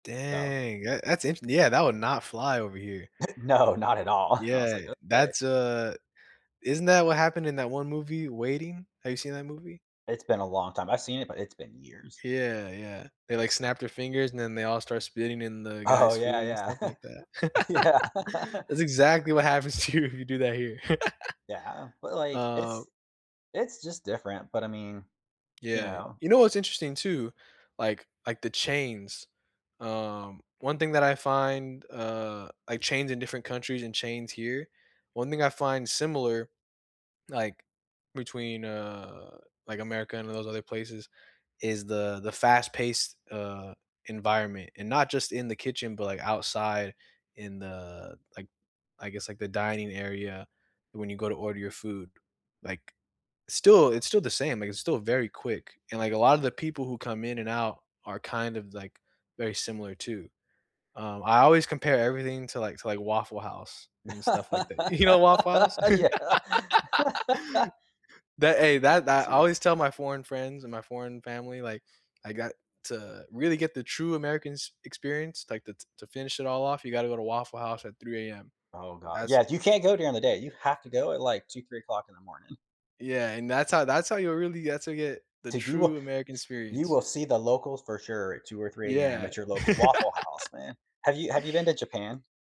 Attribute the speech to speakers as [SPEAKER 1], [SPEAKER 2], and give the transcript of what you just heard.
[SPEAKER 1] So
[SPEAKER 2] Dang. That that's int yeah, that would not fly, over here.
[SPEAKER 1] No, not at all. I was
[SPEAKER 2] Yeah.
[SPEAKER 1] like, "Okay."
[SPEAKER 2] That's a isn't that what happened in that one movie, Waiting? Have you seen that movie?
[SPEAKER 1] It's been a long time. I've seen it, but it's been years.
[SPEAKER 2] Yeah, yeah. They, like, snap their fingers, and then they all start spitting in the
[SPEAKER 1] Oh,
[SPEAKER 2] guy's
[SPEAKER 1] yeah,
[SPEAKER 2] food and
[SPEAKER 1] yeah.
[SPEAKER 2] stuff like that.
[SPEAKER 1] Yeah.
[SPEAKER 2] That's exactly what happens to you if you do that here.
[SPEAKER 1] Yeah, but, like,
[SPEAKER 2] Uh
[SPEAKER 1] it's it's just different, but, I mean, you
[SPEAKER 2] Yeah.
[SPEAKER 1] know?
[SPEAKER 2] You know what's interesting, too like like the chains. Um, one thing that I find, uh like, chains in different countries and chains here one thing I find similar, like, between, uh, like, America and those other places is the the fast-paced, uh, environment, and not just in the kitchen, but, like, outside in the, like, I guess, like, the dining area when you go to order your food, like, still it's still the same, like, it's still very quick, and, like, a lotta the people who come in and out are kind of, like, very similar, too. Um, I always compare everything to like to like, Waffle House and stuff like that. You know Waffle House?
[SPEAKER 1] Yeah.
[SPEAKER 2] That, hey, that that I always tell my foreign friends and my foreign family, like, I got to really get the true American s experience, like, that's "To to finish it all off, you gotta go to Waffle House at 3:00 AM.
[SPEAKER 1] Oh, god.
[SPEAKER 2] That's
[SPEAKER 1] Yeah, you can't go during the day, you have to go at,
[SPEAKER 2] Ye
[SPEAKER 1] like, 2:00, 3:00 in the morning.
[SPEAKER 2] Yeah, and that's how that's how you really that's how you get to get the
[SPEAKER 1] Did you w
[SPEAKER 2] true American
[SPEAKER 1] you
[SPEAKER 2] experience.
[SPEAKER 1] will see the locals for sure at 2:00 or 3 AM
[SPEAKER 2] Yeah.
[SPEAKER 1] at your local Waffle House, man. Have you have you have you been to Japan?